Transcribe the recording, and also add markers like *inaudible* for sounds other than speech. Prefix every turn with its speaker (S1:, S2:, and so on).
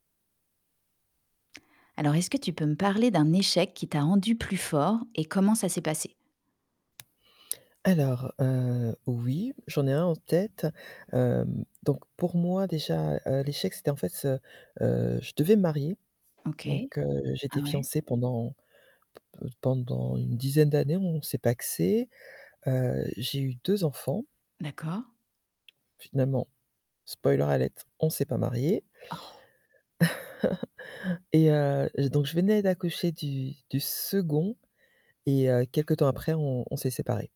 S1: Alors, est-ce que tu peux me parler d'un échec qui t'a rendu plus fort et comment ça s'est passé?
S2: Alors, heu, oui, j'en ai un en tête. Hem, donc pour moi déjà, heu, l'échec, c'était en fait, ce heu, je devais me marier,
S1: OK,
S2: donc, heu,
S1: ah
S2: j'étais
S1: ouais?
S2: fiancée pendant p-p pendant une dizaine d'années, on s'est pacsé. Heu, j'ai eu 2 enfants.
S1: D'accord.
S2: Finalement, spoiler alert, on s'est pas marié.
S1: Oh.
S2: *chuckles* et heu, donc je venais d'accoucher du du 2nd et heu, quelque temps après on on s'est séparés.